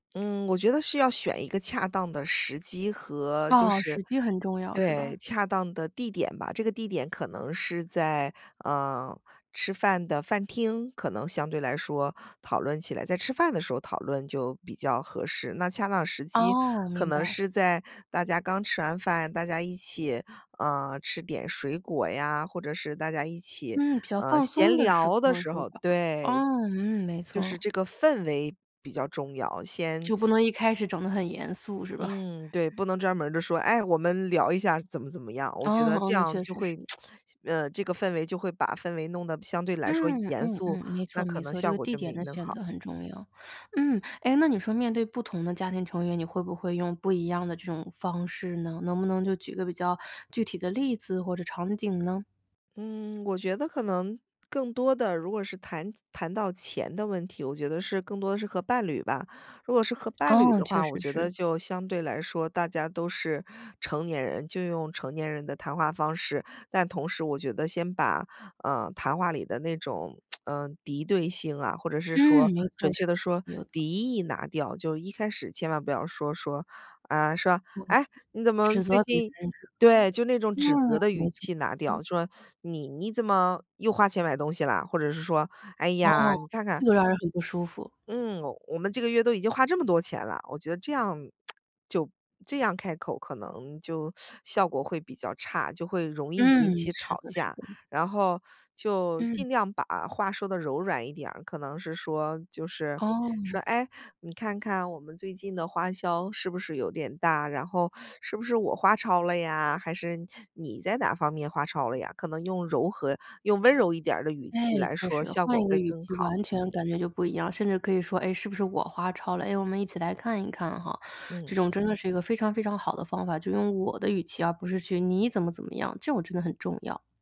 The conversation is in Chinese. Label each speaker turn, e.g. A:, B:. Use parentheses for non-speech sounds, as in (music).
A: 嗯，我觉得是要选一个恰当的时机和就
B: 哦，
A: 是
B: 时机很重要是
A: 对，
B: 吧？
A: 恰当的地点吧，这个地点可能是在，呃，吃饭的饭厅，可能相对来说讨论起来在吃饭的时候讨论就比较合适，那恰当时机
B: 哦，
A: 可
B: 明
A: 能
B: 白。
A: 是在大家刚吃完饭，大家一起，呃，吃点水果呀，或者是大家一起，
B: 嗯，比较
A: 呃，
B: 放
A: 闲
B: 松的时
A: 聊
B: 刻，
A: 的时
B: 是
A: 候
B: 吧？
A: 对。
B: 哦，嗯，没
A: 就是
B: 错。
A: 这个氛围比较重要，先
B: 就不能一开始整得很严肃，是吧？
A: 嗯，对，不能专门儿地说，哎，我们聊一下怎么怎么样，我觉得
B: 哦，
A: 这
B: 那
A: 样
B: 确
A: 就
B: 实是。
A: 会，(tsk) 呃，这个氛围就会把氛围弄得相对来说
B: 嗯，
A: 严
B: 嗯
A: 肃，
B: 嗯，没
A: 那
B: 错
A: 可
B: 没
A: 能
B: 错，这
A: 效
B: 个
A: 果
B: 地
A: 就
B: 点
A: 没
B: 的
A: 弄
B: 选
A: 好。
B: 择很重要，嗯，哎，那你说面对不同的家庭成员，你会不会用不一样的这种方式呢？能不能就举个比较具体的例子或者场景呢？
A: 嗯，我觉得可能更多的如果是谈谈到钱的问题，我觉得是更多的是和伴侣吧。如果是和伴侣
B: 哦，
A: 的
B: 确
A: 话我
B: 实
A: 觉得
B: 是。
A: 就相对来说，大家都是成年人，就用成年人的谈话方式，但同时我觉得先把，呃，谈话里的那种，(tsk) 嗯，敌对性啊，或者是说
B: 嗯，没错，
A: 准
B: 是。
A: 确地说
B: (unintelligible)
A: 敌意拿掉。就一开始千万不要说说，啊，说：
B: 哦，
A: “哎，你怎么
B: 指
A: 最
B: 责别
A: 近……”
B: 人是吧？
A: 对，就那种
B: 嗯，
A: 指责的语
B: 没错
A: 气拿
B: 没
A: 掉，
B: 错。
A: 说，“你你怎么又花钱买东西了？“或者是说，”哎呀，
B: 哦，
A: 你看
B: 这
A: 看……“
B: 个让人很不舒服。
A: 嗯，我我们这个月都已经花这么多钱了，我觉得这样 (tsk) 就这样开口可能就效果会比较差，就会容易引
B: 嗯，
A: 起
B: 是
A: 吵
B: 的是
A: 架。
B: 的。
A: 然后就
B: 嗯。
A: 尽量把话说得柔软一点儿，可能是说就是，说：
B: 哦。
A: “哎，你看看我们最近的花销是不是有点大？然后 (sucks teeth) 是不是我花超了呀？还是你在哪方面花超了呀？“可能用柔和用温柔一点儿的语
B: 哎，
A: 气来
B: 确
A: 说，
B: 实，
A: 效
B: 换
A: 果
B: 一个
A: 会
B: 语
A: 更
B: 气
A: 好。
B: 完全感觉就不一样，甚至可以说：“哎，是不是我花超了，哎，我们一起来看一看哈。”这
A: 嗯。
B: 种真的是一个非常非常好的方法，就用我的语气，而不是去你怎么怎么样，这种真的很重要。